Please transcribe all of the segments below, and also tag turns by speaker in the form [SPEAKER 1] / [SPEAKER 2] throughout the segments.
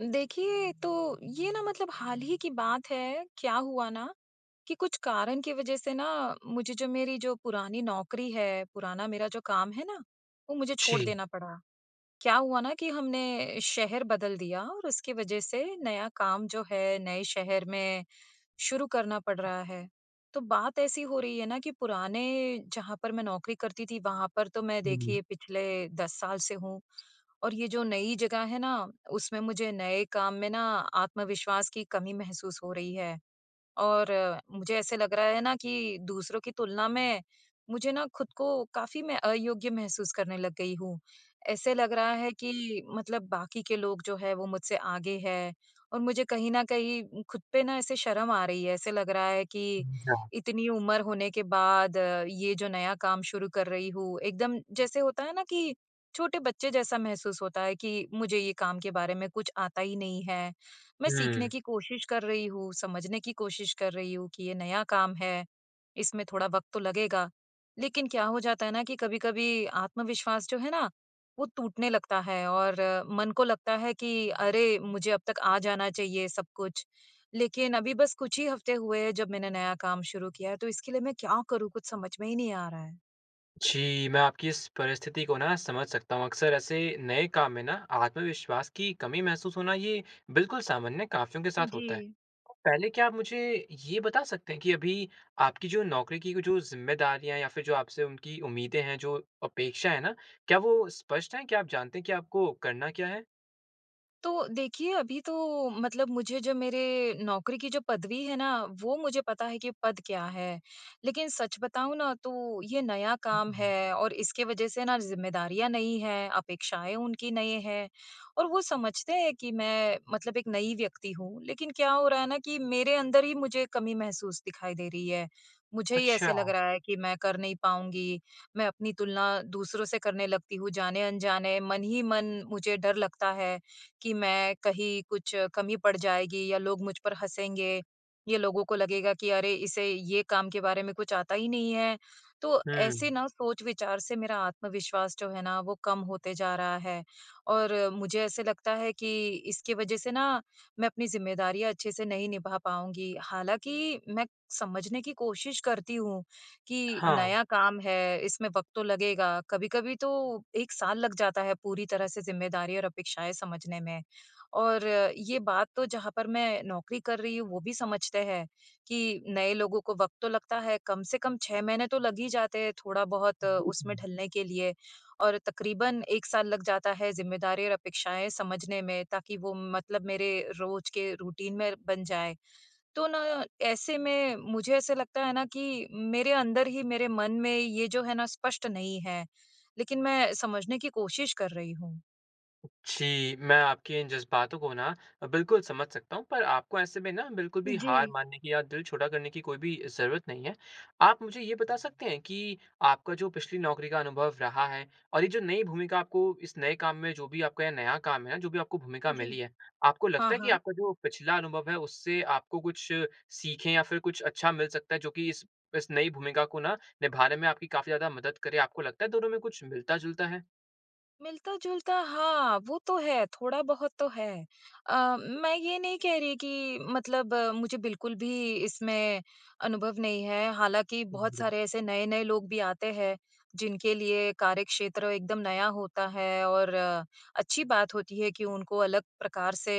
[SPEAKER 1] देखिए तो, ये ना मतलब हाल ही की बात है। क्या हुआ ना कि कुछ कारण की वज़ह से ना मुझे जो मेरी जो पुरानी नौकरी है, पुराना मेरा जो काम है ना, वो मुझे छोड़
[SPEAKER 2] जी।
[SPEAKER 1] देना पड़ा। क्या हुआ ना कि हमने शहर बदल दिया, और उसके वज़ह से नया काम जो है नए शहर में शुरू करना पड़ रहा है। तो बात ऐसी हो रही है ना कि पुराने, जहाँ पर मैं नौकरी करती थी, वहाँ पर तो मैं
[SPEAKER 2] हुँ, हुँ।
[SPEAKER 1] देखिए पिछले 10 साल से हूँ, और ये जो नई जगह है ना, उसमें मुझे नए काम में ना आत्मविश्वास की कमी महसूस हो रही है। और मुझे ऐसे लग रहा है ना कि दूसरों की तुलना में मुझे ना खुद को काफ़ी मैं अयोग्य महसूस करने लग गई हूँ। ऐसे लग रहा है कि मतलब बाकी के लोग जो हैं, वो मुझसे आगे हैं और मुझे कहीं न कहीं खुद पे ना ऐसे शर्म आ रही है। ऐसे लग रहा है कि
[SPEAKER 2] समझा।
[SPEAKER 1] इतनी उम्र होने के बाद ये जो नया काम शुरू कर रही हूँ, एकदम जैसे होता है ना कि छोटे बच्चे जैसा महसूस होता है कि मुझे ये काम के बारे में कुछ आता ही नहीं है। मैं सीखने
[SPEAKER 2] हुँ।
[SPEAKER 1] की कोशिश कर रही हूँ, समझने की कोशिश कर रही हूँ कि ये नया काम है, इसमें थोड़ा वक़्त तो लगेगा। लेकिन क्या हो जाता है ना कि, कभी-कभी आत्मविश्वास जो है ना वो टूटने लगता है, और मन को लगता है कि अरे! मुझे अब तक आ जाना चाहिए सब कुछ, लेकिन अभी बस कुछ ही हफ़्ते हुए हैं जब मैंने नया काम शुरू किया है। तो इसके लिए मैं क्या करूँ, कुछ समझ में ही नहीं आ रहा है?
[SPEAKER 2] जी, मैं आपकी इस परिस्थिति को ना समझ सकता हूँ। अक्सर ऐसे नए काम में ना आत्मविश्वास की कमी महसूस होना ये बिल्कुल सामान्य है, काफ़ियों के
[SPEAKER 1] हाँ
[SPEAKER 2] साथ होता है।
[SPEAKER 1] जी।
[SPEAKER 2] तो पहले क्या आप मुझे ये बता सकते हैं कि अभी आपकी जो नौकरी की वो जो ज़िम्मेदारियाँ या फिर जो आपसे उनकी उम्मीदें हैं, जो अपेक्षा है ना, क्या वो स्पष्ट है? क्या आप जानते हैं कि आपको करना क्या है?
[SPEAKER 1] तो देखिए, अभी तो मतलब मुझे जो मेरे नौकरी की जो पदवी है ना, वो मुझे पता है कि पद क्या है। लेकिन सच बताऊँ ना, तो ये नया काम है और इसके वज़ह से ना ज़िम्मेदारियाँ नई हैं अपेक्षाएँ उनकी नए हैं, और वो समझते हैं कि मैं मतलब एक नई व्यक्ति हूँ, लेकिन क्या हो रहा है ना कि मेरे अंदर ही मुझे कमी महसूस दिखाई दे रही है। मुझे ही ऐसा लग
[SPEAKER 2] अच्छा।
[SPEAKER 1] रहा है कि मैं कर नहीं पाऊँगी। मैं अपनी तुलना दूसरों से करने लगती हूँ जाने-अनजाने, मन ही मन मुझे डर लगता है, कि मैं कहीं कुछ कमी पड़ जाएगी या लोग मुझ पर हँसेंगे। ये लोगों को लगेगा कि, "अरे, इसे ये काम के बारे में कुछ आता ही नहीं है।" तो ऐसे
[SPEAKER 2] हुँ।
[SPEAKER 1] ना सोच-विचार से मेरा आत्मविश्वास जो है ना, वो कम होते जा रहा है, और मुझे ऐसे लगता है कि इसकी वज़ह से ना मैं अपनी ज़िम्मेदारियाँ अच्छे-से नहीं निभा पाऊँगी। हालाँकि मैं समझने की कोशिश करती हूँ, कि
[SPEAKER 2] हाँ।
[SPEAKER 1] नया काम है इसमें वक़्त तो लगेगा। कभी-कभी तो 1 साल लग जाता है पूरी तरह से ज़िम्मेदारी और अपेक्षाएँ समझने में, और ये बात तो जहाँ पर मैं नौकरी कर रही हूँ वो भी समझते हैं, कि नए लोगों को वक़्त तो लगता है, कम से कम 6 महीने तो लग ही जाते हैं थोड़ा-बहुत उसमें ढलने के लिए और तकरीबन 1 साल लग जाता है ज़िम्मेदारी और अपेक्षाएँ समझने में ताकि वो मतलब मेरे रोज़ के रूटीन में बन जाए। तो ना ऐसे में मुझे ऐसे लगता है ना कि, मेरे अंदर ही मेरे मन में ये जो है ना, स्पष्ट नहीं है। लेकिन मैं समझने की कोशिश कर रही हूँ।
[SPEAKER 2] जी, मैं आपके इन जज़्बातों को ना अ, बिल्कुल समझ सकता हूँ, पर आपको ऐसे में ना, बिल्कुल भी हार
[SPEAKER 1] जी।
[SPEAKER 2] मानने की या दिल छोटा करने की कोई भी ज़रूरत नहीं है। आप मुझे ये बता सकते हैं कि, आपका जो पिछली नौकरी का अनुभव रहा है और ये जो नई भूमिका आपको इस नए काम में जो भी आपका ये नया काम है, जो भी आपको भूमिका मिली
[SPEAKER 1] जी।
[SPEAKER 2] है, आपको
[SPEAKER 1] हाँ,
[SPEAKER 2] लगता है कि
[SPEAKER 1] हाँ।
[SPEAKER 2] आपका जो पिछला अनुभव है, उससे आपको कुछ सीखें या फिर कुछ अच्छा मिल सकता है, जो कि इस इस नई भूमिका को ना, निभाने में आपकी काफ़ी ज़्यादा मदद करे? आपको लगता है, दोनों में कुछ मिलता-जुलता है?
[SPEAKER 1] मिलता-जुलता, हाँ, वो तो है, थोड़ा बहुत तो है। अ, मैं ये नहीं कह रही कि मतलब मुझे बिल्कुल भी इसमें अनुभव नहीं है, हालाँकि बहुत
[SPEAKER 2] [unintelligible]
[SPEAKER 1] सारे ऐसे नए-नए लोग भी आते हैं, जिनके लिए कार्यक्षेत्र एकदम नया होता है और अच्छी बात होती है कि उनको अलग प्रकार से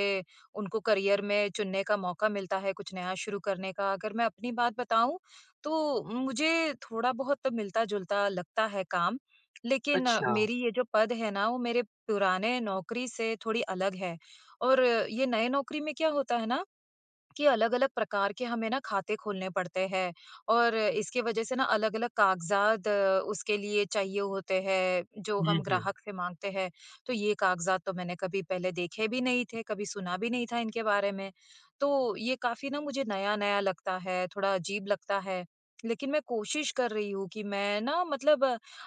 [SPEAKER 1] उनको करियर में चुनने का मौका मिलता है, कुछ नया शुरू करने का। अगर मैं अपनी बात बताऊँ, तो मुझे थोड़ा-बहुत मिलता-जुलता लगता है काम, लेकिन
[SPEAKER 2] अच्छा।
[SPEAKER 1] मेरी ये जो पद है ना, वो मेरे पुराने नौकरी से थोड़ी अलग है और ये नए नौकरी में क्या होता है ना, कि अलग-अलग प्रकार के हमें ना खाते खोलने पड़ते हैं और इसकी वजह से ना अलग-अलग कागज़ात उसके लिए चाहिए होते हैं, जो
[SPEAKER 2] हुँ,
[SPEAKER 1] हम
[SPEAKER 2] हुँ।
[SPEAKER 1] ग्राहक से माँगते हैं। तो ये कागज़ात तो मैंने कभी पहले देखे भी नहीं थे, कभी सुना भी नहीं था इनके बारे में, तो ये काफ़ी ना मुझे नया-नया लगता है, थोड़ा अजीब लगता है। लेकिन मैं कोशिश कर रही हूँ, कि मैं ना मतलब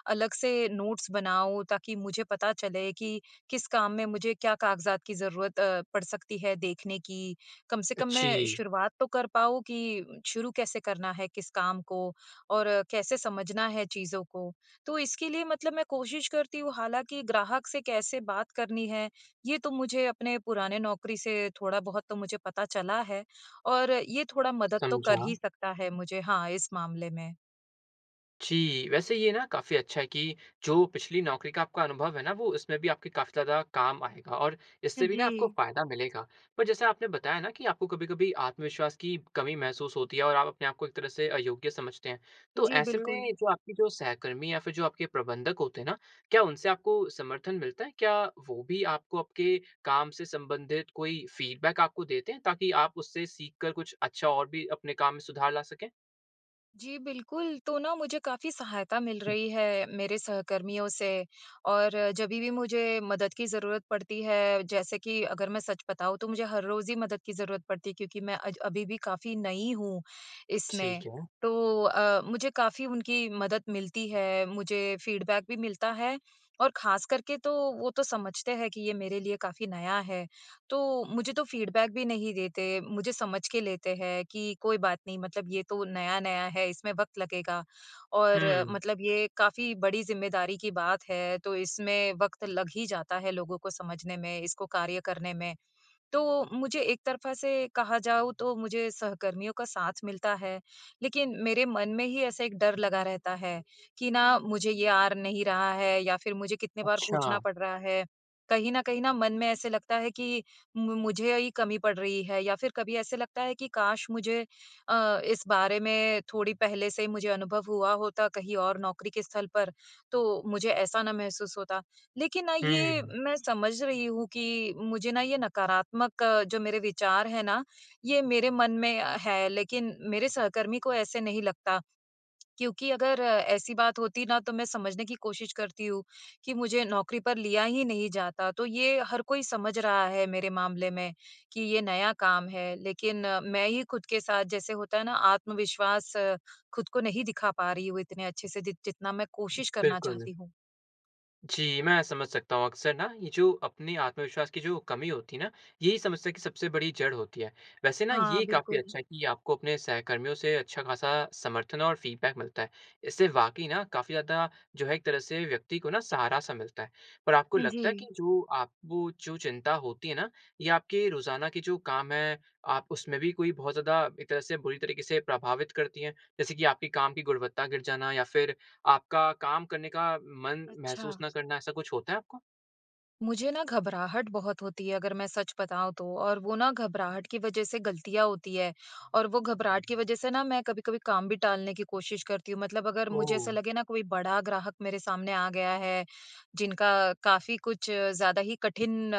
[SPEAKER 1] अलग से नोट्स बनाऊँ, ताकि मुझे पता चले कि, किस काम में मुझे क्या कागज़ात की ज़रूरत अ, पड़ सकती है देखने की, कम से
[SPEAKER 2] अ,
[SPEAKER 1] कम मैं
[SPEAKER 2] जी।
[SPEAKER 1] शुरुआत तो कर पाऊँ कि शुरू कैसे करना है किस काम को और कैसे समझना है चीज़ों को। तो इसके लिए मतलब मैं कोशिश करती हूँ, हालाँकि ग्राहक से कैसे बात करनी है, ये तो मुझे अपने पुराने नौकरी से थोड़ा-बहुत तो मुझे पता चला है और ये थोड़ा मदद तो कर ही
[SPEAKER 2] समझा।
[SPEAKER 1] सकता है मुझे हाँ, इस मामले में।
[SPEAKER 2] जी, वैसे ये ना, काफी अच्छा है कि जो पिछली नौकरी का आपका अनुभव है ना, वो इसमें भी आपके काफ़ी ज़्यादा काम आएगा और इससे भी ना आपको
[SPEAKER 1] जी।
[SPEAKER 2] फ़ायदा मिलेगा। पर जैसे आपने बताया ना कि आपको कभी-कभी आत्मविश्वास की कमी महसूस होती है और आप अपने आपको एक तरह से अयोग्य समझते हैं, तो
[SPEAKER 1] जी,
[SPEAKER 2] ऐसे
[SPEAKER 1] बिल्कुल।
[SPEAKER 2] में जो आपकी जो सहकर्मी या फिर जो आपके प्रबंधक होते हैं ना, क्या उनसे आपको समर्थन मिलता है? क्या वो भी आपको आपके काम से सम्बंधित कोई फ़ीडबैक आपको देते हैं, ताकि आप उससे सीख कर कुछ अच्छा और भी अपने काम में सुधार ला सकें?
[SPEAKER 1] जी, बिल्कुल, तो ना मुझे काफ़ी सहायता मिल रही है मेरे सहकर्मियों से और जभी भी मुझे मदद की ज़रूरत पड़ती है, जैसे कि अगर मैं सच बताऊँ, तो मुझे हर रोज़ ही मदद की ज़रूरत पड़ती है क्योंकि मैं अज अभी भी काफ़ी नई हूँ, इसमें।
[SPEAKER 2] ठीक है।
[SPEAKER 1] तो अ, मुझे काफ़ी उनकी मदद मिलती है, मुझे फ़ीडबैक भी मिलता है और खासकर के तो, वो तो समझते हैं कि ये मेरे लिए काफ़ी नया है, तो मुझे तो फ़ीडबैक भी नहीं देते। मुझे समझ के लेते हैं कि, "कोई बात नहीं, मतलब ये तो नया-नया है, इसमें वक्त लगेगा और
[SPEAKER 2] हुँ।
[SPEAKER 1] मतलब ये काफ़ी बड़ी ज़िम्मेदारी की बात है, तो इसमें वक्त लग ही जाता है लोगों को समझने में, इसको कार्य करने में।" तो मुझे एक तरफा से कहा जाऊ, तो मुझे सहकर्मियों का साथ मिलता है। लेकिन मेरे मन में ही ऐसा एक डर लगा रहता है कि ना, "मुझे ये आ नहीं रहा है या फिर मुझे कितनी बार पूछना
[SPEAKER 2] अच्छा।
[SPEAKER 1] पड़ रहा है।" कहीं न कहीं ना, मन में ऐसे लगता है कि मु मुझे ही कमी पड़ रही है या फिर कभी ऐसे लगता है कि काश मुझे अ, इस बारे में थोड़ी पहले से ही मुझे अनुभव हुआ होता, कहीं और नौकरी के स्थल पर, तो मुझे ऐसा ना महसूस होता। लेकिन ना, ये
[SPEAKER 2] हुँ।
[SPEAKER 1] मैं समझ रही हूँ कि मुझे ना ये नकारात्मक जो मेरे विचार हैं ना, ये मेरे मन में अ, हैं, लेकिन मेरे सहकर्मी को ऐसे नहीं लगता। क्योंकि अगर ऐसी बात होती ना, तो मैं समझने की कोशिश करती हूँ कि मुझे नौकरी पर लिया ही नहीं जाता, तो ये हर कोई समझ रहा है मेरे मामले में, कि ये नया काम है, लेकिन मैं ही खुद के साथ, जैसे होता है ना, आत्मविश्वास खुद को नहीं दिखा पा रही हूँ इतने अच्छे से, जित जितना मैं कोशिश करना
[SPEAKER 2] बिल्कुल।
[SPEAKER 1] चाहती हूँ।
[SPEAKER 2] जी, मैं समझ सकता हूँ। अक्सर ना ये जो अपनी आत्मविश्वास की जो कमी होती है ना, यही समस्या की सबसे बड़ी जड़ होती है। वैसे ना
[SPEAKER 1] हाँ,
[SPEAKER 2] ये काफ़ी
[SPEAKER 1] बिल्कुल।
[SPEAKER 2] अच्छा है कि आपको अपने सहकर्मियों से अच्छा-खासा समर्थन और फ़ीडबैक मिलता है। इससे वाक़ई ना काफ़ी ज़्यादा जो है एक तरह से व्यक्ति को ना सहारा-सा मिलता है। पर आपको
[SPEAKER 1] अ,
[SPEAKER 2] लगता है कि
[SPEAKER 1] जी।
[SPEAKER 2] जो आपको जो चिंता होती है ना, ये आपके रोज़ाना के जो काम हैं, आप उसमें भी कोई बहुत ज़्यादा एक तरह से बुरी तरीक़े से प्रभावित करती हैं? जैसे कि आपकी काम की गुणवत्ता गिर जाना या फिर आपका काम करने का मन महसूस
[SPEAKER 1] अच्छा।
[SPEAKER 2] ना करना, ऐसा कुछ होता है आपको?
[SPEAKER 1] मुझे ना घबराहट बहुत होती है अगर मैं सच बताऊँ तो, और वो ना घबराहट की वज़ह से ग़लतियाँ होती हैं, और वो घबराहट की वज़ह से ना मैं कभी-कभी काम भी टालने की कोशिश करती हूँ। मतलब अगर मुझे ऐसा
[SPEAKER 2] ओह!
[SPEAKER 1] लगे ना कोई बड़ा ग्राहक मेरे सामने आ गया है, जिनका काफ़ी कुछ ज़्यादा ही कठिन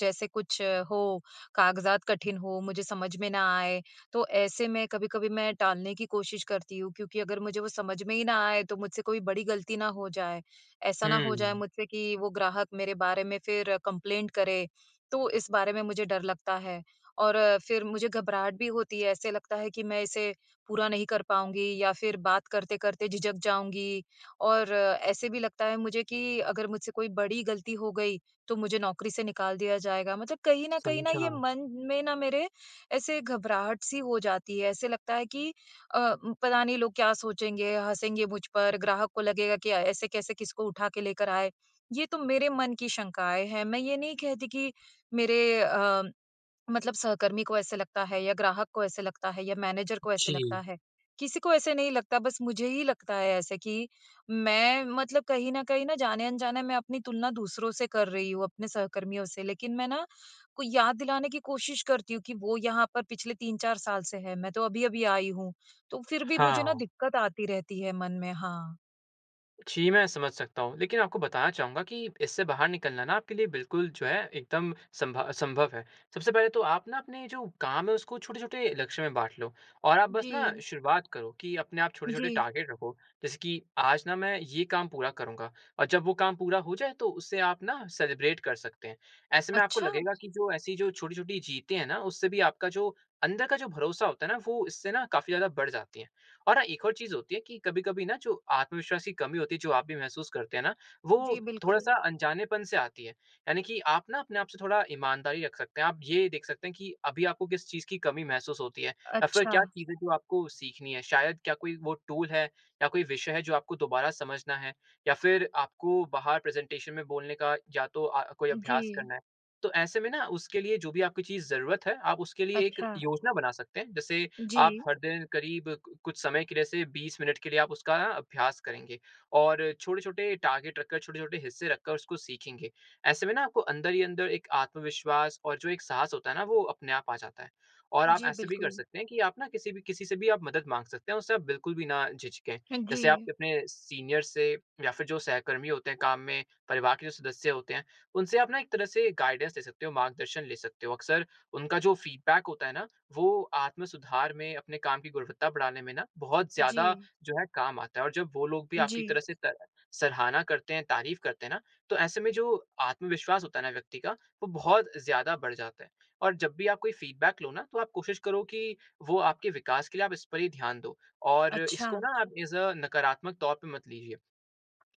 [SPEAKER 1] जैसे कुछ हो, कागज़ात कठिन हों, मुझे समझ में ना आए, तो ऐसे मैं कभी-कभी मैं टालने की कोशिश करती हूँ, क्योंकि अगर मुझे वो समझ में ही ना आए, तो मुझसे कोई बड़ी ग़लती ना हो जाए। ऐसा ना हो जाए
[SPEAKER 2] हुँ।
[SPEAKER 1] मुझसे कि वो ग्राहक मेरे बारे में फिर कंप्लेंट करे, तो इस बारे में मुझे डर लगता है। और फिर मुझे घबराहट भी होती है, ऐसे लगता है कि मैं इसे पूरा नहीं कर पाऊँगी या फिर बात करते-करते झिझक जाऊँगी, और ऐसे भी लगता है मुझे कि अगर मुझसे कोई बड़ी ग़लती हो गई, तो मुझे नौकरी से निकाल दिया जाएगा। मतलब कहीं न कहीं ना, ये
[SPEAKER 2] समझा।
[SPEAKER 1] मन में ना मेरे ऐसे घबराहट-सी हो जाती है, ऐसे लगता है कि अ, म पता नहीं लोग क्या सोचेंगे, हँसेंगे मुझ पर, ग्राहक को लगेगा कि अ, ऐसे कैसे किसको उठा के लेकर आए। ये तो मेरे मन की शंकाएँ हैं, मैं ये नहीं कहती कि मेरे अ, मतलब सहकर्मी को ऐसे लगता है या ग्राहक को ऐसे लगता है या मैनेजर को ऐसे
[SPEAKER 2] जी।
[SPEAKER 1] लगता है। किसी को ऐसे नहीं लगता, बस मुझे ही लगता है ऐसे कि मैं मतलब कहीं न कहीं न जाने-अनजाने मैं अपनी तुलना दूसरों से कर रही हूँ, अपने सहकर्मियों से। लेकिन मैं ना कोई याद दिलाने की कोशिश करती हूँ कि वो यहाँ पर पिछले 3-4 साल से हैं, मैं तो अभी-अभी आई हूँ। तो फिर भी मुझे ना
[SPEAKER 2] हाँ।
[SPEAKER 1] दिक़्क़त आती रहती है मन में। हाँ।
[SPEAKER 2] जी, मैं समझ सकता हूँ। लेकिन आपको बताना चाहूँगा कि इससे बाहर निकलना ना आपके लिए बिल्कुल जो है, एकदम संभ अ, संभव है। सबसे पहले तो आप ना अपने जो काम हैं, उसको छोटे-छोटे लक्ष्यों में बाँट लो और आप बस ना
[SPEAKER 1] जी।
[SPEAKER 2] शुरुआत करो कि अपने आप छोटे-छोटे
[SPEAKER 1] जी।
[SPEAKER 2] टारगेट रखो। जैसे कि, "आज ना, मैं ये काम पूरा करूँगा।" और जब वो काम पूरा हो जाए, तो उसे आप ना सेलिब्रेट कर सकते हैं। ऐसे में आपको
[SPEAKER 1] अच्छा।
[SPEAKER 2] लगेगा कि जो ऐसी जो छोटी-छोटी जीतें हैं ना, उससे भी आपका जो अंदर का जो भरोसा होता है ना, वो इससे ना काफ़ी ज़्यादा बढ़ जाती है और हाँ, एक और चीज़ होती है कि कभी-कभी ना, जो आत्मविश्वास की कमी होती है, जो आप भी महसूस करते हैं ना,
[SPEAKER 1] जी,
[SPEAKER 2] वो
[SPEAKER 1] बिल्कुल।
[SPEAKER 2] थोड़ा-सा अनजानेपन से आती है। यानी कि आप ना, अपने आप से थोड़ा ईमानदारी रख़ सकते हैं। आप ये देख सकते हैं कि अभी आपको किस चीज़ की कमी महसूस होती है या फिर क्या
[SPEAKER 1] अच्छा।
[SPEAKER 2] चीज़ है, जो आपको सीखनी है? शायद क्या कोई वो टूल है या कोई विषय है, जो आपको दोबारा समझना है, या फिर आपको बाहर प्रेज़ेंटेशन में बोलने का या तो अ, कोई अभ्यास
[SPEAKER 1] जी।
[SPEAKER 2] करना है? तो ऐसे में ना, उसके लिए जो भी आपकी चीज़ ज़रुरत है, आप उसके लिए एक
[SPEAKER 1] अच्छा।
[SPEAKER 2] योजना बना सकते हैं। जैसे आप
[SPEAKER 1] जी
[SPEAKER 2] हर दिन करीब कु कुछ समय के लिए, जैसे 20 मिनट के लिए आप उसका ना अभ्यास करेंगे और छोटे-छोटे टारगेट रखकर, छोटे-छोटे हिस्से रखकर उसको सीखेंगे। ऐसे में ना, आपको अंदर ही अंदर एक आत्मविश्वास और जो एक साहस होता है ना, वो अपने आप आ जाता है और आप
[SPEAKER 1] जी,
[SPEAKER 2] ऐसे भी कर
[SPEAKER 1] बिल्कुल।
[SPEAKER 2] सकते हैं कि आप ना किसी भी किसी से भी आप मदद माँग सकते हैं और उससे आप बिल्कुल भी ना झिझकें।
[SPEAKER 1] हाँ
[SPEAKER 2] जैसे आप
[SPEAKER 1] जी।
[SPEAKER 2] अपने सीनियर्स से या फिर जो सहकर्मी होते हैं काम में, परिवार के जो सदस्य होते हैं, उनसे आप ना एक तरह से गाइडेंस ले सकते हो, मार्गदर्शन ले सकते हो। अक्सर उनका जो फ़ीडबैक होता है ना, वो आत्म सुधार में, अपने काम की गुणवत्ता बढ़ाने में ना, बहुत ज़्यादा
[SPEAKER 1] जी।
[SPEAKER 2] जो है, काम आता है और जब वो लोग भी आपकी
[SPEAKER 1] जी।
[SPEAKER 2] तरह से स सराहना करते हैं, तारीफ करते हैं ना, तो ऐसे में जो आत्मविश्वास होता है ना व्यक्ति का, वो बहुत ज़्यादा बढ़ जाता है। और जब भी आप कोई फ़ीडबैक लो ना, तो आप कोशिश करो कि वो आपके विकास के लिए आप इस पर ही ध्यान दो और
[SPEAKER 1] अच्छा।
[SPEAKER 2] इसको ना आप एज़ अ नकारात्मक तौर पे मत लीजिए।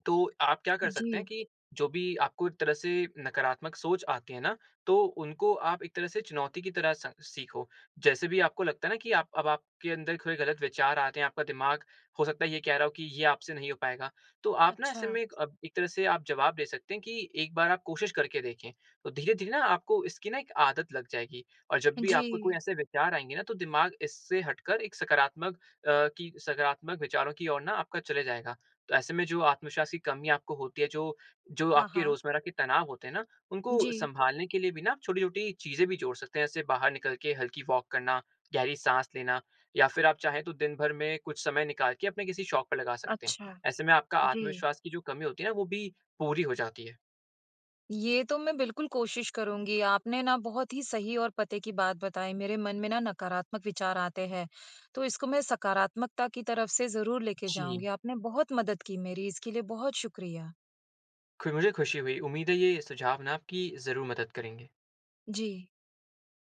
[SPEAKER 2] तो आप क्या कर सकते हैं
[SPEAKER 1] जी।
[SPEAKER 2] कि जो भी आपको एक तरह से नकारात्मक सोच आते हैं ना, तो उनको आप एक तरह से चुनौती की तरह स सीखो। जैसे भी आपको लगता है ना कि आप अब आपके अंदर थोड़े गलत विचार आते हैं, आपका दिमाग, हो सकता है, ये कह रहा हो कि ये आपसे नहीं हो पाएगा। तो आप ना, ऐसे
[SPEAKER 1] अच्छा।
[SPEAKER 2] में एक अप एक तरह से आप जवाब दे सकते हैं कि एक बार आप कोशिश करके देखें, तो धीरे-धीरे ना आपको इसकी ना एक आदत लग जाएगी और जब भी आपको कोई
[SPEAKER 1] जी।
[SPEAKER 2] ऐसे विचार आएँगे ना, तो दिमाग इससे हटकर एक सकारात्मक अ, की सकारात्मक विचारों की ओर ना, आपका चले जाएगा। तो ऐसे में जो आत्मविश्वास की कमी आपको होती है, जो जो
[SPEAKER 1] हाँ,
[SPEAKER 2] आपके
[SPEAKER 1] हाँ।
[SPEAKER 2] रोज़मर्रा के तनाव होते हैं ना, उनको
[SPEAKER 1] जी।
[SPEAKER 2] सँभालने के लिए भी ना आप छोटी-छोटी चीज़ें भी जोड़ सकते हैं, जैसे बाहर निकल के हल्की वॉक करना, गहरी साँस लेना या फिर आप चाहें, तो दिन भर में कुछ समय निकाल के अपने किसी शौक पे लगा सकते हैं।
[SPEAKER 1] अच्छा।
[SPEAKER 2] ऐसे में आपका
[SPEAKER 1] जी।
[SPEAKER 2] आत्मविश्वास की जो कमी होती है ना, वो भी पूरी हो जाती है।
[SPEAKER 1] ये तो मैं बिल्कुल कोशिश करुँगी। आपने ना बहुत ही सही और पते की बात बताई। मेरे मन में ना नकारात्मक विचार आते हैं, तो इसको मैं सकारात्मकता की तरफ से ज़रूर लेके
[SPEAKER 2] जी।
[SPEAKER 1] जाऊँगी। आपने बहुत मदद की मेरी, इसके लिए बहुत शुक्रिया।
[SPEAKER 2] खु मुझे ख़ुशी हुई। उम्मीद है, ये सुझाव ना आपकी ज़रूर मदद करेंगे।
[SPEAKER 1] जी।